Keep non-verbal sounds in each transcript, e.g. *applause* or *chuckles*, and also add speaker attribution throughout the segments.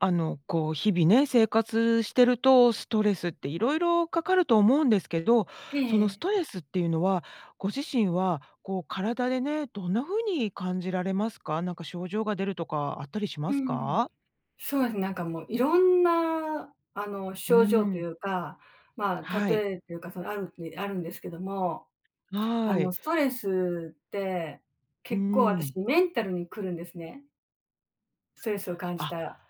Speaker 1: あの、こう、日々ね、生活してるとストレスっていろいろかかると思うんですけど、
Speaker 2: ええ
Speaker 1: そのス
Speaker 2: ええ。
Speaker 1: トレスっていうのは、ご自身は、こう体でね、どんな風に感じられますか？なんか症状が出るとかあったりし
Speaker 2: う
Speaker 1: ます
Speaker 2: んうん。
Speaker 1: か？
Speaker 2: そうで、なんかもう色んな、あの、
Speaker 1: う
Speaker 2: 症状
Speaker 1: ー
Speaker 2: とい
Speaker 1: ん。
Speaker 2: うか、ま、
Speaker 1: はい。
Speaker 2: 例えというか、そのあるに、あるんですけども、あ
Speaker 1: はい。
Speaker 2: の、ストレスって、
Speaker 1: うー
Speaker 2: 結構あた
Speaker 1: ん。
Speaker 2: しメンタルに来るんですねストレスを感じ
Speaker 1: あ、
Speaker 2: たら。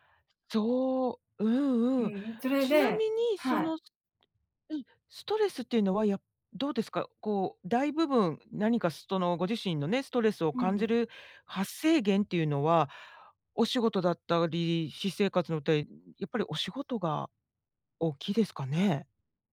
Speaker 1: そうう
Speaker 2: う
Speaker 1: ん
Speaker 2: ん
Speaker 1: うん。
Speaker 2: うん、それ
Speaker 1: ちな
Speaker 2: で
Speaker 1: みに、そ
Speaker 2: はい。
Speaker 1: の、すうん、ストレスっていうのは、やどうですか？こう、大部分、何かそのご自身のね、ストレスを
Speaker 2: う
Speaker 1: 感じ
Speaker 2: ん。
Speaker 1: る発生源っていうのは、お仕事だったり私生活のって、んやっぱりお仕事が大きいですかね？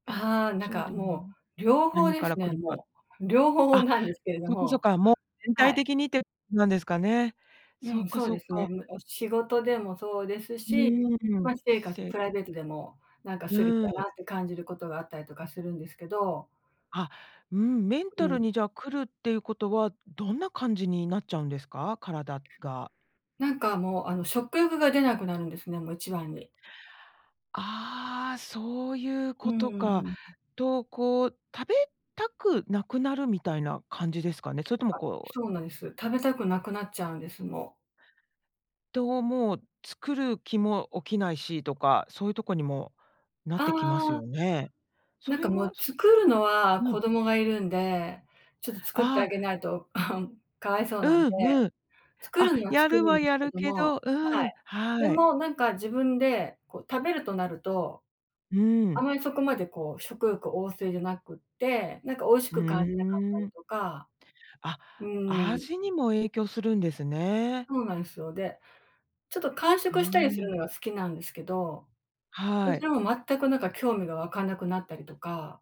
Speaker 2: ああ、なん
Speaker 1: そう
Speaker 2: か
Speaker 1: でも
Speaker 2: も
Speaker 1: な
Speaker 2: う、両方
Speaker 1: 何
Speaker 2: で
Speaker 1: から
Speaker 2: す
Speaker 1: 来
Speaker 2: ね、
Speaker 1: るか
Speaker 2: もう。両方
Speaker 1: あ、
Speaker 2: なんですけれど
Speaker 1: そっかそっ
Speaker 2: も、
Speaker 1: か、もう、全
Speaker 2: は
Speaker 1: 体
Speaker 2: い。
Speaker 1: 的にって、なんですかね。
Speaker 2: う
Speaker 1: そっ
Speaker 2: ん、
Speaker 1: か、
Speaker 2: そう
Speaker 1: そ
Speaker 2: で
Speaker 1: っ
Speaker 2: すね。
Speaker 1: か。
Speaker 2: もう、仕事でもそうです
Speaker 1: う
Speaker 2: し、
Speaker 1: ーん、
Speaker 2: ま、私生
Speaker 1: し
Speaker 2: 活、
Speaker 1: せい
Speaker 2: プライ
Speaker 1: か
Speaker 2: ベートでもなんか
Speaker 1: う
Speaker 2: ストレス
Speaker 1: ー
Speaker 2: だ
Speaker 1: ん。
Speaker 2: なって感じることがあったりとかするんですけど
Speaker 1: あ、うーん、メン
Speaker 2: う
Speaker 1: タル
Speaker 2: ん。
Speaker 1: にじゃ、来るっていうことは、どんな感じになっちゃうんですか？体が。
Speaker 2: なんかもう、あの、食欲が出なくなるんですね、もう一番に。
Speaker 1: ああ、そういう
Speaker 2: うん
Speaker 1: こ
Speaker 2: う
Speaker 1: と
Speaker 2: んう
Speaker 1: か。
Speaker 2: ん。
Speaker 1: と、こう、食べたくなくなるみたいな感じですかね？それとも
Speaker 2: あ、
Speaker 1: こう
Speaker 2: そうなんです。食べたくなくなっちゃうんです、もう。
Speaker 1: と、もう、作る気も起きないしとか、そういうとこにもなってきます
Speaker 2: あ
Speaker 1: よ
Speaker 2: あ。
Speaker 1: ね？そ
Speaker 2: なん
Speaker 1: れ
Speaker 2: かも
Speaker 1: は、
Speaker 2: う、
Speaker 1: そ
Speaker 2: 作るのは、
Speaker 1: うん。
Speaker 2: 子供がいるんでちょっと作って
Speaker 1: あ
Speaker 2: あげ
Speaker 1: あ。
Speaker 2: ないと *chuckles* かわいそうなんで
Speaker 1: うんうん。
Speaker 2: 作
Speaker 1: あ、
Speaker 2: るには
Speaker 1: や
Speaker 2: 作る
Speaker 1: るは
Speaker 2: んです
Speaker 1: や
Speaker 2: け
Speaker 1: る
Speaker 2: ど
Speaker 1: け
Speaker 2: も、
Speaker 1: どう
Speaker 2: は
Speaker 1: ん、
Speaker 2: い。で
Speaker 1: はい。
Speaker 2: も、なんか自分で、こう食べるとなると、
Speaker 1: う
Speaker 2: あ
Speaker 1: ん。
Speaker 2: まりそこまでこう、食欲旺盛じゃなくって、なんか美味し
Speaker 1: う
Speaker 2: く感じなかった
Speaker 1: ー
Speaker 2: り
Speaker 1: ん。
Speaker 2: とか。
Speaker 1: あ、
Speaker 2: うーん。
Speaker 1: 味にも影響するんですね。
Speaker 2: そうなんすよ。で、ちょっと間
Speaker 1: う
Speaker 2: 食
Speaker 1: ん
Speaker 2: した
Speaker 1: う
Speaker 2: りす
Speaker 1: んう
Speaker 2: る
Speaker 1: ん。
Speaker 2: のが好きなんですけど、そ
Speaker 1: は
Speaker 2: ち
Speaker 1: い。
Speaker 2: らも全くなんか興味が湧かなくなったりとか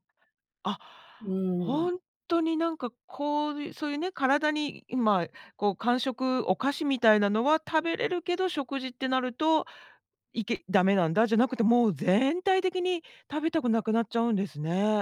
Speaker 1: あ、
Speaker 2: うーん。
Speaker 1: ほんとになんかこうゆそういうね、体に、今こう、間食お菓子みたいなのは食べれるけど食事ってなると、いけダメなんだじゃなくて、もう全体的に食べたくなくなっちゃうんですね。